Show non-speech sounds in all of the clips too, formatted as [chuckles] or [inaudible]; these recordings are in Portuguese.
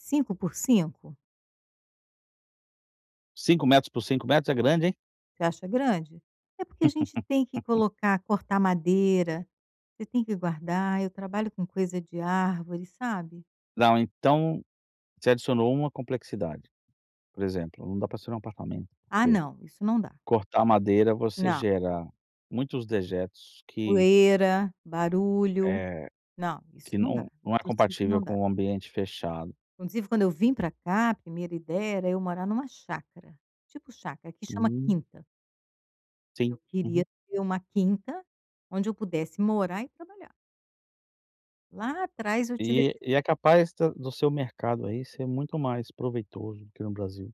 5 por 5? 5 metros por 5 metros é grande, hein? Você acha grande? É porque a gente tem que [laughs] colocar, cortar madeira, você tem que guardar. Eu trabalho com coisa de árvore, sabe. Não, então você adicionou uma complexidade. Por exemplo, não dá para ser em um apartamento, Ah porque não, isso não dá. cortar madeira, você Não. gera muitos dejetos que Poeira, barulho. eh, Não, isso que não dá. não não é Isso eu sei que compatível não dá. com um ambiente fechado. Inclusive, quando eu vim para cá, a primeira ideia era eu morar em uma chácara. Tipo chácara, aqui chama Hum. quinta. Sim. Eu queria Uhum. ter uma quinta, onde eu pudesse morar e trabalhar. Lá atrás eu tive essa E ide e é capaz de do seu mercado, aí, ser muito mais proveitoso do que no Brasil.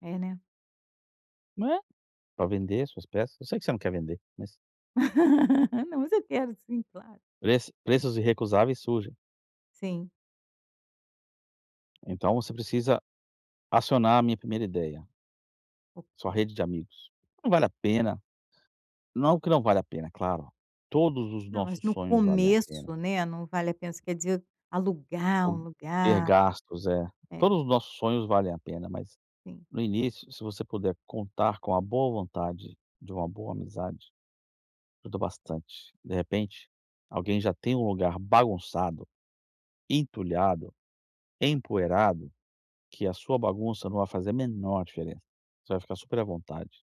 É, né. Não é? Para vender as suas peças. Eu sei que você não quer vender, mas... [laughs] Não, mas eu quero sim, claro. Preço preços irrecusáveis surgem. Sim. Então você precisa acionar a minha 1ª ideia. Sua Ok. rede de amigos. Não vale a pena não que não valha a pena, claro. Todos os Não, mas nossos no sonhos valem a pena. começo, né, não vale a pena, você quer dizer alugar um O ter lugar. gastos, é. É. Todos os nossos sonhos valem a pena, mas, Sim. no início, se você puder contar com a boa vontade de uma boa amizade, ajuda bastante. De repente, alguém já tem um lugar bagunçado, entulhado, empoeirado, que a sua bagunça não vai fazer a menor diferença, você vai ficar super à vontade.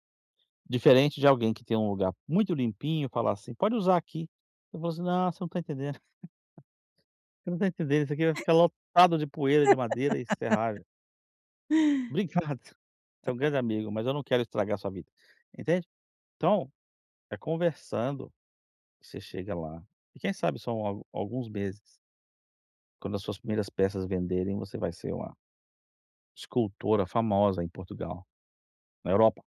Diferente de alguém que tem um lugar muito limpinho e falar assim: "Pode usar aqui". Eu vou assim: "Não, você não está entendendo. [chuckles] Você não está entendendo, isso aqui vai ficar lotado de poeira de madeira e [laughs] serragem". "Obrigado, É. você é um grande amigo, mas eu não quero estragar a sua vida". Entende? Então é conversando que você chega lá. E quem sabe são al alguns meses. Quando as suas primeiras peças venderem você vai ser uma escultura famosa em Portugal, na Europa.